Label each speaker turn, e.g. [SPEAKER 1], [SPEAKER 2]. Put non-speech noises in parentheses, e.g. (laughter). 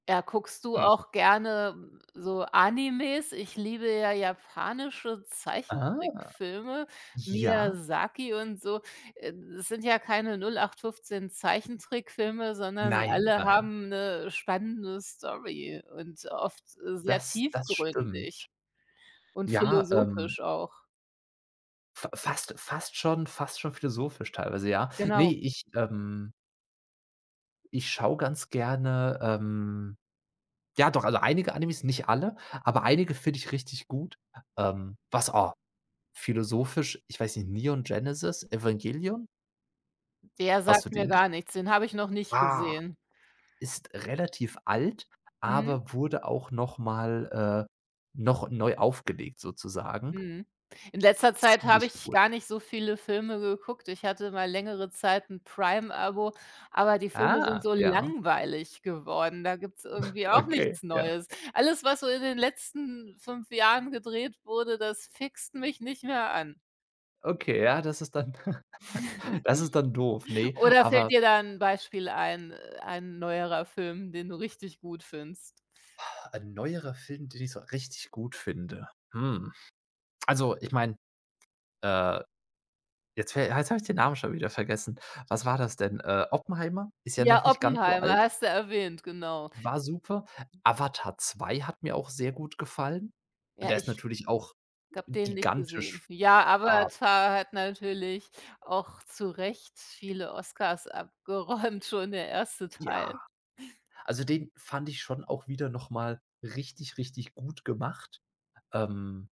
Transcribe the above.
[SPEAKER 1] Ja, guckst du
[SPEAKER 2] Hm.
[SPEAKER 1] auch gerne so Animes? Ich liebe ja japanische
[SPEAKER 2] Ah.
[SPEAKER 1] Zeichentrickfilme,
[SPEAKER 2] Ja.
[SPEAKER 1] Miyazaki und so. Äh, das sind ja keine 08/15 Zeichentrickfilme, sondern
[SPEAKER 2] Nein,
[SPEAKER 1] alle
[SPEAKER 2] nein.
[SPEAKER 1] haben 'ne spannende Story und oft, äh, sehr
[SPEAKER 2] Das das stimmt.
[SPEAKER 1] tiefgründig und
[SPEAKER 2] Ja, ähm
[SPEAKER 1] philosophisch auch.
[SPEAKER 2] f fast fast schon fast schon philosophisch teilweise, ja. Ne,
[SPEAKER 1] Genau.
[SPEAKER 2] ich, ähm ich schaue ganz gerne, ähm ja doch, also einige Animes, nicht alle, aber einige finde ich richtig gut. Ähm, was, oh philosophisch, ich weiß nicht, Neon Genesis Evangelion.
[SPEAKER 1] Der
[SPEAKER 2] Hast du
[SPEAKER 1] sagt mir
[SPEAKER 2] den gesch
[SPEAKER 1] gar nichts, den hab ich noch nicht
[SPEAKER 2] Ah,
[SPEAKER 1] gesehen.
[SPEAKER 2] ist relativ alt,
[SPEAKER 1] Mhm.
[SPEAKER 2] aber wurde auch noch mal äh, noch neu aufgelegt sozusagen.
[SPEAKER 1] Mhm. In letzter Zeit habe
[SPEAKER 2] Ziemlich
[SPEAKER 1] ich
[SPEAKER 2] cool.
[SPEAKER 1] gar nicht so viele Filme geguckt. Ich hatte mal längere Zeit 'n Prime-Abo, aber die Filme sind
[SPEAKER 2] Ah,
[SPEAKER 1] so
[SPEAKER 2] ja.
[SPEAKER 1] langweilig geworden. Da gibt's
[SPEAKER 2] (chuckles)
[SPEAKER 1] irgendwie auch
[SPEAKER 2] Okay,
[SPEAKER 1] nichts
[SPEAKER 2] ja.
[SPEAKER 1] Neues. Alles, was so in den letzten 5 Jahren gedreht wurde, das fixt mich nicht mehr an.
[SPEAKER 2] Okay, ja, das ist dann (chuckles) das ist dann doof,
[SPEAKER 1] (chuckles)
[SPEAKER 2] ne.
[SPEAKER 1] Oder fällt
[SPEAKER 2] Aber
[SPEAKER 1] dir da 'n Beispiel ein, äh, ein neuerer Film, den du richtig gut findest?
[SPEAKER 2] (exhales) Ein neuerer Film, den ich so richtig gut finde. Hm, also ich meine äh, jetzt ver jetzt habe ich den Namen schon wieder vergessen. Was war das denn? Äh, Oppenheimer ist ja
[SPEAKER 1] Ja,
[SPEAKER 2] noch nicht ganz so
[SPEAKER 1] Oppenheimer
[SPEAKER 2] alt.
[SPEAKER 1] hast du erwähnt, genau.
[SPEAKER 2] War super. Avatar 2 hat mir auch sehr gut gefallen und
[SPEAKER 1] Ja,
[SPEAKER 2] der ist
[SPEAKER 1] ich
[SPEAKER 2] natürlich auch
[SPEAKER 1] habe den nicht gesehen.
[SPEAKER 2] gigantisch
[SPEAKER 1] Ja,
[SPEAKER 2] F a
[SPEAKER 1] Avatar hat natürlich auch zurecht viele Oscars abgeräumt, schon der erste Teil.
[SPEAKER 2] Ja. Also den fand ich schon auch wieder noch mal richtig, richtig gut gemacht. Ähm